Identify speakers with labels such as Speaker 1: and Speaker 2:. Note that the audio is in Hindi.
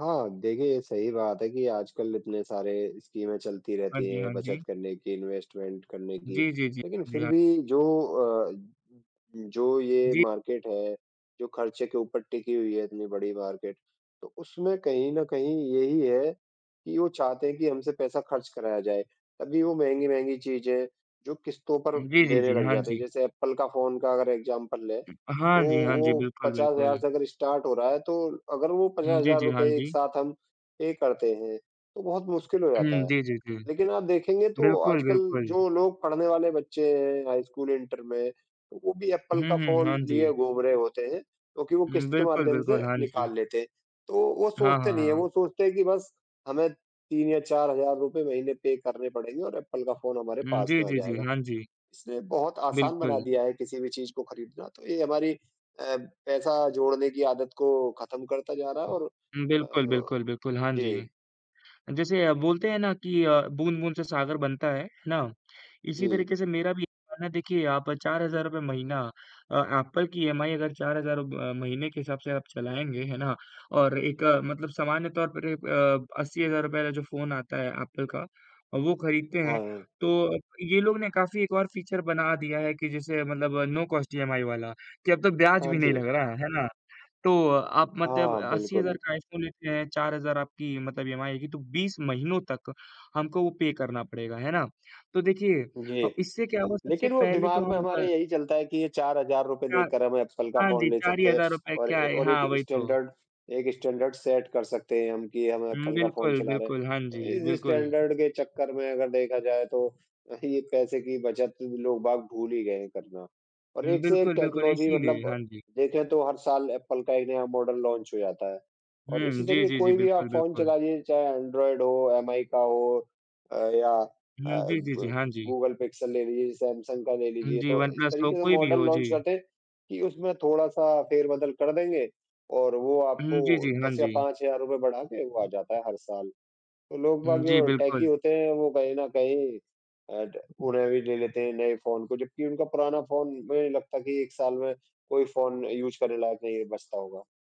Speaker 1: हाँ, देखिए सही बात है कि आजकल इतने सारे स्कीमें चलती
Speaker 2: हाँ
Speaker 1: रहती
Speaker 2: जी,
Speaker 1: है
Speaker 2: हाँ
Speaker 1: बचत
Speaker 2: जी।
Speaker 1: करने की, इनवेस्टमेंट करने की,
Speaker 2: जी, जी, जी, हाँ
Speaker 1: लेकिन
Speaker 2: जी,
Speaker 1: फिर
Speaker 2: हाँ
Speaker 1: भी
Speaker 2: जी।
Speaker 1: जो अ, जो ये
Speaker 2: जी।
Speaker 1: मार्केट है, जो खर्चे के ऊपर टिकी हुई है इतनी बड़ी मार्केट, तो उसमें कहीं न कहीं यही है, कि वो चाहते हैं कि हमसे पैसा खर्च कराया जाए, तभी वो महँगी-महँगी चीज़ें जो किश्तों पर
Speaker 2: जी, जी,
Speaker 1: देने
Speaker 2: जी।
Speaker 1: लग
Speaker 2: हाँ
Speaker 1: जाते हैं।
Speaker 2: जी।
Speaker 1: जैसे एप्पल का फ़ोन का अगर एग्ज़ाम्पल लें, तो
Speaker 2: हाँ जी, हाँ
Speaker 1: वो
Speaker 2: जी, बिल्कुल,
Speaker 1: 50,000
Speaker 2: बिल्कुल।
Speaker 1: हज़ार से अगर स्टार्ट हो रहा है, तो अगर वो
Speaker 2: हुँ,
Speaker 1: 50,000
Speaker 2: जी,
Speaker 1: हज़ार
Speaker 2: जी,
Speaker 1: रुपए
Speaker 2: हाँ
Speaker 1: एक
Speaker 2: जी।
Speaker 1: साथ हम पे करते हैं, तो बहुत मुश्किल हो जाता
Speaker 2: हुँ,
Speaker 1: है।
Speaker 2: जी, जी, जी।
Speaker 1: लेकिन आप देखेंगे तो
Speaker 2: बिल्कुल,
Speaker 1: आजकल
Speaker 2: बिल्कुल।
Speaker 1: जो लोग पढ़ने वाले बच्चे हैं, हाई स्कूल, इन्टर में, तो वो भी एप्पल
Speaker 2: हुँ,
Speaker 1: का
Speaker 2: हुँ, हाँ
Speaker 1: फ़ोन लिए
Speaker 2: जी।
Speaker 1: घूम रहे होते हैं, क्योंकि वो
Speaker 2: हुँ,
Speaker 1: किश्त के
Speaker 2: बिल्कुल,
Speaker 1: माध्यम से
Speaker 2: बिल्कुल। हाँ जी।
Speaker 1: निकाल लेते हैं, तो वो
Speaker 2: हाँ,
Speaker 1: सोचते
Speaker 2: हाँ,
Speaker 1: नहीं है।
Speaker 2: हाँ।
Speaker 1: वो सोचते हैं कि बस हमें 3 या 4000 हज़ार रुपए महीने पे करने पड़ेंगे और एप्पल का फ़ोन हमारे
Speaker 2: हुँ,
Speaker 1: पास
Speaker 2: जी,
Speaker 1: में आ
Speaker 2: जी, जी।
Speaker 1: जाएगा।
Speaker 2: हाँ जी।
Speaker 1: इसने बहुत आसान बना
Speaker 2: बिल्कुल।
Speaker 1: दिया है किसी भी चीज़ को खरीदना, तो ये हमारी अ, पैसा जोड़ने की आदत को खत्म करता जा रहा है और
Speaker 2: उम,
Speaker 1: अ,
Speaker 2: बिल्कुल, बिल्कुल, बिल्कुल, हाँ जी।
Speaker 1: जी।
Speaker 2: अ, जैसे बोलते हैं ना कि अ, बूँद-बूँद से सागर बनता है, है ना? इसी
Speaker 1: जी।
Speaker 2: तरीके से मेरा भी क्या है ना, देखिए आप 4000 हज़ार रुपए महीना अ, एप्पल की ईएमआई अगर 4000 हज़ार रब अ, महीने के हिसाब से आप चलाएँगे, है ना? और एक मतलब सामान्य तौर पर रे अ, ₹80,000 का जो फ़ोन आता है एप्पल का अ, वो खरीदते हैं
Speaker 1: हाँ।
Speaker 2: तो अप ये लोग ने काफ़ी एक और फीचर्स बना दिया है कि जैसे मतलब नो कॉस्ट ईएमआई वाला, कि अब तो ब्याज़
Speaker 1: हाँ
Speaker 2: भी नहीं
Speaker 1: जी।
Speaker 2: लग रहा, है ना? तो अ आप मतलब
Speaker 1: हाँ,
Speaker 2: 80,000
Speaker 1: बिल्कुल।
Speaker 2: का आईफ़ोन लेते हैं, 4000 आपकी मतलब ईएमआई आएगी, तो 20 महीनों तक हमको वो पे करना पड़ेगा, है ना? तो देखिए
Speaker 1: जी।
Speaker 2: अ, इससे क्या होगा सबसे
Speaker 1: लेकिन वो
Speaker 2: पहले तो
Speaker 1: दिमाग में
Speaker 2: हम
Speaker 1: हमारे
Speaker 2: अ
Speaker 1: यही चलता है कि ये 4000 हज़ार रुपए
Speaker 2: 4
Speaker 1: देकर हमे एप्पल का
Speaker 2: हाँ
Speaker 1: फ़ोन
Speaker 2: जी,
Speaker 1: ले
Speaker 2: 4 ही
Speaker 1: सकते हैं
Speaker 2: हज़ार रुपए
Speaker 1: और
Speaker 2: क्या
Speaker 1: ए,
Speaker 2: है?
Speaker 1: और एक
Speaker 2: हाँ, वही तो।
Speaker 1: स्टैन्डर्ड एक स्टैन्डर्ड सेट कर सकते हैं हम कि हम
Speaker 2: उम,
Speaker 1: एप्पल का फ़ोन
Speaker 2: बिल्कुल,
Speaker 1: चला रहे हैं।
Speaker 2: बिल्कुल, हाँ जी,
Speaker 1: तो इस
Speaker 2: बिल्कुल।
Speaker 1: स्टैन्डर्ड के चक्कर में अगर देखा जाए, तो यही ये पैसे की बचत लोग बाग भूल ही गए है करना। और
Speaker 2: उम,
Speaker 1: एक से एक
Speaker 2: बिल्कुल, बिल्कुल,
Speaker 1: टेक्नॉलजी
Speaker 2: इसीलिए,
Speaker 1: मतलब
Speaker 2: हाँ जी।
Speaker 1: देखें तो हर साल एप्पल का एक नया मॉडल लॉन्च हो जाता है, और
Speaker 2: हुँ,
Speaker 1: इसी
Speaker 2: जी,
Speaker 1: तरीके
Speaker 2: जी, जी।
Speaker 1: कोई भी आप
Speaker 2: बिल्कुल,
Speaker 1: फ़ोन
Speaker 2: बिल्कुल।
Speaker 1: चलाइए, चाहे एंड्रॉयड हो, एमआई का हो अ, या अ,
Speaker 2: हुँ, जी, जी, जी,
Speaker 1: गूगल
Speaker 2: हाँ जी।
Speaker 1: गूगल पिक्सेल ले लीजिए, सैमसंग का ले
Speaker 2: उम,
Speaker 1: लीजिए
Speaker 2: जी,
Speaker 1: तो इस
Speaker 2: वनप्लस हो,
Speaker 1: तरीके से
Speaker 2: कोई भी
Speaker 1: मॉडल
Speaker 2: हो,
Speaker 1: लॉन्च
Speaker 2: जी।
Speaker 1: करते हैं, कि उसमें थोड़ा-सा फेरबदल कर देंगे और वो आपको
Speaker 2: उहुँ, जी, जी, हाँ
Speaker 1: 10 या
Speaker 2: जी।
Speaker 1: 5000 हज़ार रूपये बढ़ा के वो आ जाता है हर साल। तो लोग
Speaker 2: उम,
Speaker 1: बाग
Speaker 2: जी,
Speaker 1: जो टेकी
Speaker 2: बिल्कुल।
Speaker 1: होते हैं वो कहीं न कहीं अ, ट उन्हें भी ले लेते हैं नए फ़ोन को। जबकि उनका पुराना फ़ोन मुझे नहीं लगता कि 1 साल में कोई फ़ोन यूज़ करने लायक नहीं बचता होगा।